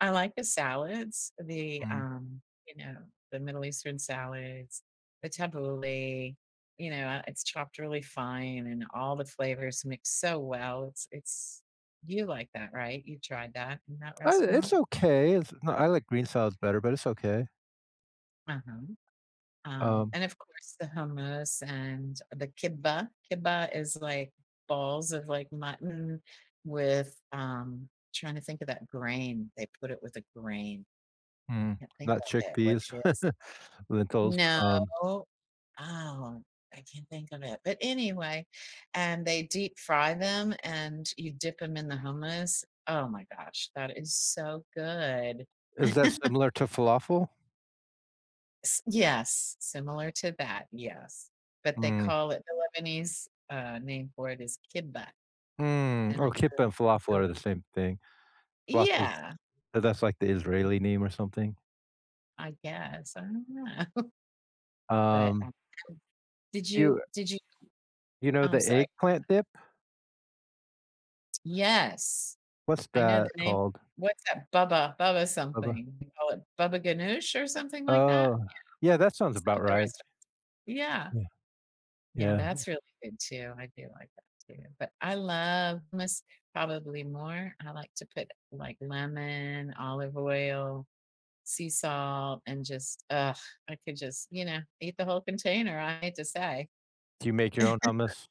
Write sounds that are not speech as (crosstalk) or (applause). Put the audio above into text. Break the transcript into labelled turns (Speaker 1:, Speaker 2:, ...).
Speaker 1: I like the salads, the,
Speaker 2: Mhm.
Speaker 1: um, you know, the Middle Eastern salads, the tabbouleh, you know, uh, it's chopped really fine and all the flavors mix so well, it's it's you like that, right? You tried that in that
Speaker 2: Eh, it's
Speaker 1: restaurant?
Speaker 2: okay, it's not I like green salads better, but it's okay.
Speaker 1: Uh-huh. Um,
Speaker 2: Um
Speaker 1: and, of course, the hummus and the كِبّة. كِبّة is, like, balls of, like, mutton with, um tryna think of that grain, they put it with a grain.
Speaker 2: Mm,
Speaker 1: Can't think
Speaker 2: not
Speaker 1: of it, what
Speaker 2: chickpeas?
Speaker 1: it is.
Speaker 2: (chuckles) Lentils,
Speaker 1: No.
Speaker 2: um
Speaker 1: Oh, I can't think of it, but, anyway and they deep-fry them and you dip 'em in the hummus oh my gosh, that is so good.
Speaker 2: Is that
Speaker 1: (chuckles)
Speaker 2: similar to falafel?
Speaker 1: S yes, similar to that, yes, but, they
Speaker 2: Mm.
Speaker 1: call it the Lebanese, uh, name for it is "كِبّة",
Speaker 2: Mm,
Speaker 1: and
Speaker 2: oh,
Speaker 1: it's,
Speaker 2: كِبّة
Speaker 1: um,
Speaker 2: and
Speaker 1: it's
Speaker 2: falafel
Speaker 1: really
Speaker 2: are the same thing. Falafel's
Speaker 1: Yeah.
Speaker 2: but, that's, like, the Israeli name or something?
Speaker 1: I guess? I don't know. But,
Speaker 2: Um
Speaker 1: um did
Speaker 2: you,
Speaker 1: you
Speaker 2: eh
Speaker 1: did you
Speaker 2: you know
Speaker 1: oh, I'm
Speaker 2: the
Speaker 1: sorry
Speaker 2: eggplant dip?
Speaker 1: Yes.
Speaker 2: What's
Speaker 1: I know the
Speaker 2: that
Speaker 1: name
Speaker 2: called?
Speaker 1: what's that? Baba
Speaker 2: Baba?
Speaker 1: baba-something, you call it baba ganoush, or something like that?
Speaker 2: Oh,
Speaker 1: Yeah.
Speaker 2: yeah, that sounds
Speaker 1: Some
Speaker 2: about
Speaker 1: of the
Speaker 2: right.
Speaker 1: restaurants Yeah.
Speaker 2: Yeah. Yeah,
Speaker 1: Yeah,
Speaker 2: yeah.
Speaker 1: that's really good, too, I do like that, too, but I love hummus, probably more. I like to put, like, lemon, olive oil, sea salt, and, just ugh, I could just you know? Eat the whole container, I hate to say.
Speaker 2: Do you make your own
Speaker 1: (chuckles)
Speaker 2: hummus?